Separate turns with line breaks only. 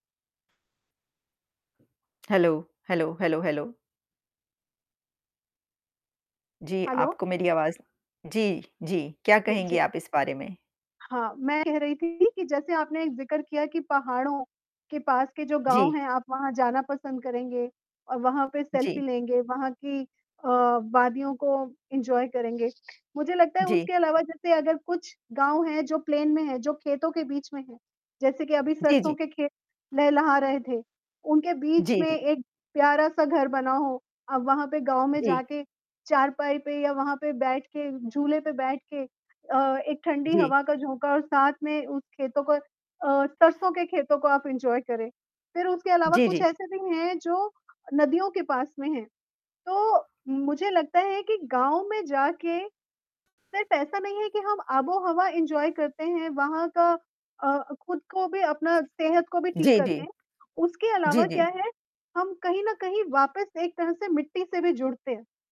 Hello? Hello, hello, hello? जी,
hello?
आपको मेरी आवाज़ जी, जी, क्या
जी,
कहेंगी
जी।
आप इस बारे में?
हाँ, मैं कह रही थी कि जैसे आपने जिक्र किया कि पहाड़ों के पास के जो गाँव
जी।
हैं आप वहाँ जाना पसंद करेंगे और वहाँ पे
जी।
सेल्फी लेंगे, वहाँ की अ, वादियों को एन्जॉय करेंगे। मुझे लगता है
जी।
उसके अलावा जैसे अगर कुछ गाँव हैं जो प्लेन में है जो खेतों के बीच में है, जैसे कि अभी
जी,
सरसों
जी।
के खेत लेह लहा रहे थे, उनके बीच
जी,
में
जी।
एक प्यारा सा घर बना हो। अब वहाँ पे गाँव में
जी।
जाके चारपाई पे या वहाँ पे बैठ के झूले पे बैठ के अ, एक ठंडी
जी।
हवा का झोंका और साथ में उस खेतों को अ, सरसों के खेतों को आप एन्जॉय करें। फिर उसके अलावा
जी,
कुछ
जी।
ऐसे भी हैं, जो नदियों के पास में हैं, तो मुझे लगता है कि गाँव में जाके, सिर्फ ऐसा नहीं है कि हम आबोहवा एन्जॉय करते हैं, वहाँ का अ, खुद को भी अपना सेहत को भी ठीक
जी,
करते
जी।
हैं, उसके
जी,
अलावा
जी।
क्या है, हम कहीं न कहीं वापस एक तरह से मिट्टी से भी जुड़ते हैं।